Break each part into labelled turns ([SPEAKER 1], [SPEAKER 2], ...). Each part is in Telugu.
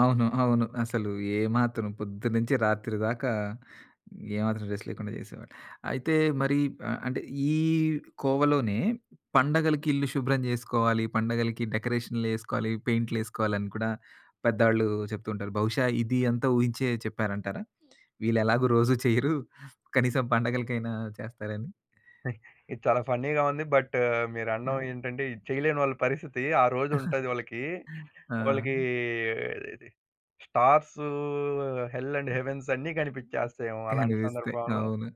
[SPEAKER 1] అవును. అవును. అసలు ఏమాత్రం పొద్దునుంచి రాత్రి దాకా ఏ మాత్రం రెస్ట్ లేకుండా చేసేవాడిని. అయితే మరి ఆహ్, అంటే ఈ కోవలోనే పండగలకిల్లు శుభ్రం చేసుకోవాలి పండగలకి డెకరేషన్‌లేసుకోవాలి, పెయింటులేసుకోవాలని కూడా పేదోళ్లు చెప్తుంటారు. బహుశా ఇది అంతా ఊహించే చెప్పారంటారా? వీళ్లెలాగో రోజూ చెయ్యరు. కనీసం పండగలకైనా చేస్తారని.
[SPEAKER 2] అ! ఇది చాలా ఫన్నీ‌గా ఉంది. బట్టు మీరండం
[SPEAKER 1] హ్మ్.
[SPEAKER 2] ఏంటంటే ఇది చేయలేనోళ్ళ పరిస్థితి ఆ రోజుంటది వాళ్ళకి వాళ్ళకి
[SPEAKER 1] ఆ!
[SPEAKER 2] స్టార్స్ హెల్ అండ్
[SPEAKER 1] హ్మ్.
[SPEAKER 2] హెవెన్స్ అన్ని కనిపించేస్తాయేమో అలాంటి
[SPEAKER 1] కనిపిస్తాయి.
[SPEAKER 2] సందర్భంలో.
[SPEAKER 1] అవును.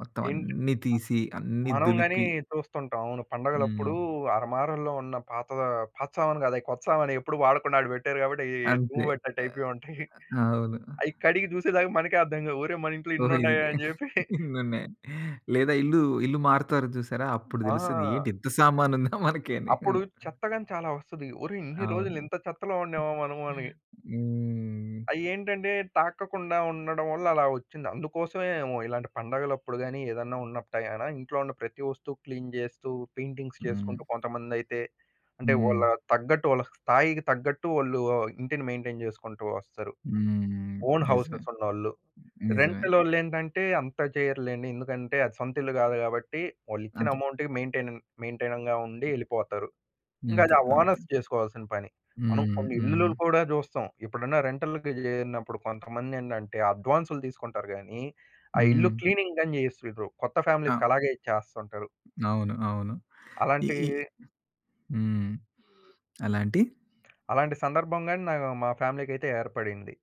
[SPEAKER 1] మొత్తం
[SPEAKER 2] ఏంటి? అ
[SPEAKER 1] అన్నీ తీసి అన్నీ
[SPEAKER 2] మనం గాని
[SPEAKER 1] దులిపి
[SPEAKER 2] చూస్తుంటాం అవును. పండగలప్పుడు
[SPEAKER 1] హ్మ్.
[SPEAKER 2] అరమారల్లో ఉన్న పాత పాత సామాను కాదు అది కొత్త సామానే ఎప్పుడు వాడకుండా అక్కడ పెట్టారు కాబట్టి అయ్యి
[SPEAKER 1] అంతే.
[SPEAKER 2] దుమ్ము
[SPEAKER 1] ఆహ్,
[SPEAKER 2] పట్టినట్టైపోయుంటయి.
[SPEAKER 1] అవును.
[SPEAKER 2] అయి కడిగి చూసే దాకా మనకే అర్థం కావు. ఒరేయ్ మనింట్లో
[SPEAKER 1] ఓహో! ఇది. గ
[SPEAKER 2] ఇనున్నాయా అని చెప్పి.
[SPEAKER 1] ఇనున్నాయని. లేదా ఇల్లు- ఇల్లు మారుతారు చూసారా? అప్పుడు తెలుస్తది ఏంటి
[SPEAKER 2] ఆ!
[SPEAKER 1] ఇంత సామానుందా మనకి అని.
[SPEAKER 2] అప్పుడు చెత్త గాని చాలా ఒస్తది. ఒరేయ్ ఇన్ని
[SPEAKER 1] అవును.
[SPEAKER 2] రోజులింత చెత్తలో ఉండామా మనమని.
[SPEAKER 1] హ్మ్.
[SPEAKER 2] అయ్యేంటంటే తాకకుండా ఉండడం వల్ల అలా ఒచ్చింది. అందుకోసమే ఏమో ఇలాంటి పండగలప్పుడు గాని ఏదైనా ఉన్నపుడే గణ ఇంట్లో ఉన్న ప్రతి వస్తువు క్లీన్ చేస్తూ పెయింటింగ్స్
[SPEAKER 1] హ్మ్.
[SPEAKER 2] చేసుకుంటూ కొంతమందైతే. అంటే
[SPEAKER 1] హ్మ్.
[SPEAKER 2] వాళ్ళ తగ్గట్టు వాళ్ళ స్థాయికి తగ్గట్టు వాళ్ళు ఆహ్, ఇంటిని మెయింటైన్ చేసుకుంటూ వస్తరు.
[SPEAKER 1] హ్మ్.
[SPEAKER 2] ఓన్
[SPEAKER 1] నిజమే.
[SPEAKER 2] హౌసెస్ ఉన్నోళ్ళు.
[SPEAKER 1] నిజమే.
[SPEAKER 2] రెంటలోల్లేంటంటే అంత చెయ్యరులెండి. ఎందుకంటే అది సొంత ఇల్లు కాదు కాబట్టి వాళ్ళిచ్చిన
[SPEAKER 1] అంత
[SPEAKER 2] అమౌంట్‌కి మేయిన్‌టైనింగ్- మేయిన్‌టైనింగ్‌గా ఉండి ఎళ్ళిపోతారు. ఇంకా
[SPEAKER 1] అంతే.
[SPEAKER 2] ఆ
[SPEAKER 1] అంతే.
[SPEAKER 2] ఓనర్స్ చేసుకోవాల్సిన పని. మనం
[SPEAKER 1] హ్మ్.
[SPEAKER 2] కొన్నిల్లులు
[SPEAKER 1] హ్మ్.
[SPEAKER 2] కూడా చూస్తాం. ఎప్పుడన్నా రెంటల్‌కి చేరిన్నప్పుడు కొంతమందేంటంటే అడ్వాన్సులు తీసుకుంటారు గాని ఆ ఇల్లు
[SPEAKER 1] హ్మ్.
[SPEAKER 2] క్లీనింగ్ గాని చేసివ్వరు కొత్త
[SPEAKER 1] ఆ!
[SPEAKER 2] ఫ్యామిలీస్‌‌కలాగే ఇచ్చేస్తుంటారు.
[SPEAKER 1] అవును. అవును. ఈ
[SPEAKER 2] అలాంటీ
[SPEAKER 1] ఈ హ్మ్. అలాంటి
[SPEAKER 2] అలాంటి సందర్భం గాని నా మా ఫ్యామిలీ‌‌కైతే ఏర్పడింది.